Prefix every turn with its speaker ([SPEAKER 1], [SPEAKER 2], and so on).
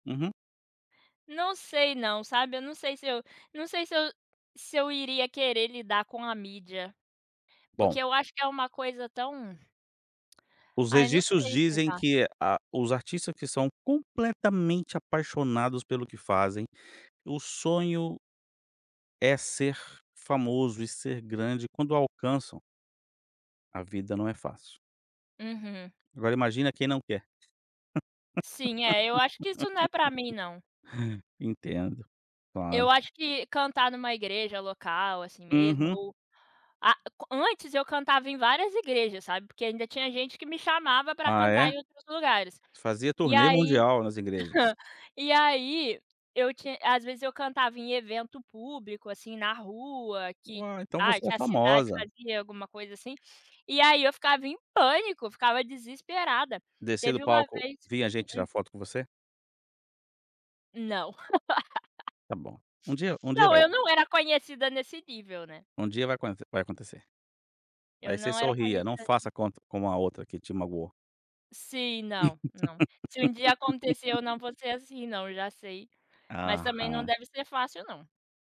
[SPEAKER 1] Uhum.
[SPEAKER 2] Não sei não, sabe. Eu não sei se eu não sei se eu se eu iria querer lidar com a mídia. Porque,
[SPEAKER 1] Bom.
[SPEAKER 2] eu acho que é uma coisa tão
[SPEAKER 1] Os
[SPEAKER 2] Ai, não
[SPEAKER 1] registros
[SPEAKER 2] sei
[SPEAKER 1] dizem
[SPEAKER 2] explicar.
[SPEAKER 1] que a, os artistas que são completamente apaixonados pelo que fazem, o sonho é ser famoso e ser grande quando alcançam a vida não é fácil.
[SPEAKER 2] Uhum.
[SPEAKER 1] Agora, imagina quem não quer.
[SPEAKER 2] Sim. É. Eu acho que, isso, não é pra mim, não.
[SPEAKER 1] Entendo.
[SPEAKER 2] Eu
[SPEAKER 1] Claro.
[SPEAKER 2] acho que cantar numa igreja local, assim, mesmo
[SPEAKER 1] Uhum.
[SPEAKER 2] ou Ah, co antes, eu cantava em várias igrejas, sabe. Porque ainda tinha gente que me chamava pra
[SPEAKER 1] Ah
[SPEAKER 2] cantar
[SPEAKER 1] é?
[SPEAKER 2] em outros lugares.
[SPEAKER 1] Fazia
[SPEAKER 2] E,
[SPEAKER 1] turnê
[SPEAKER 2] aí
[SPEAKER 1] mundial nas igrejas.
[SPEAKER 2] E aí, eu ti às vezes, eu cantava em evento público, assim, na rua
[SPEAKER 1] U
[SPEAKER 2] que
[SPEAKER 1] ah, então,
[SPEAKER 2] ai,
[SPEAKER 1] você é
[SPEAKER 2] tinha cidade que
[SPEAKER 1] famosa.
[SPEAKER 2] fazia alguma coisa, assim. E aí, eu ficava em pânico. Ficava desesperada.
[SPEAKER 1] Descia
[SPEAKER 2] Teve
[SPEAKER 1] do
[SPEAKER 2] uma
[SPEAKER 1] palco.
[SPEAKER 2] vez que
[SPEAKER 1] Vinha gente
[SPEAKER 2] Hum.
[SPEAKER 1] tirar foto com você?
[SPEAKER 2] Não.
[SPEAKER 1] Tá bom. Um dia um dia
[SPEAKER 2] Não.
[SPEAKER 1] vai.
[SPEAKER 2] Eu não era conhecida nesse nível, né.
[SPEAKER 1] Um dia vai acuan vai acontecer.
[SPEAKER 2] Eu
[SPEAKER 1] Aí, você
[SPEAKER 2] não era
[SPEAKER 1] sorria, não
[SPEAKER 2] conhecida assim.
[SPEAKER 1] faça cont como a outra que te magoou.
[SPEAKER 2] Sim. Não. Não. Se um dia acontecer eu não vou ser assim não. Eu já sei. Mas também não
[SPEAKER 1] Aham.
[SPEAKER 2] deve ser fácil, não.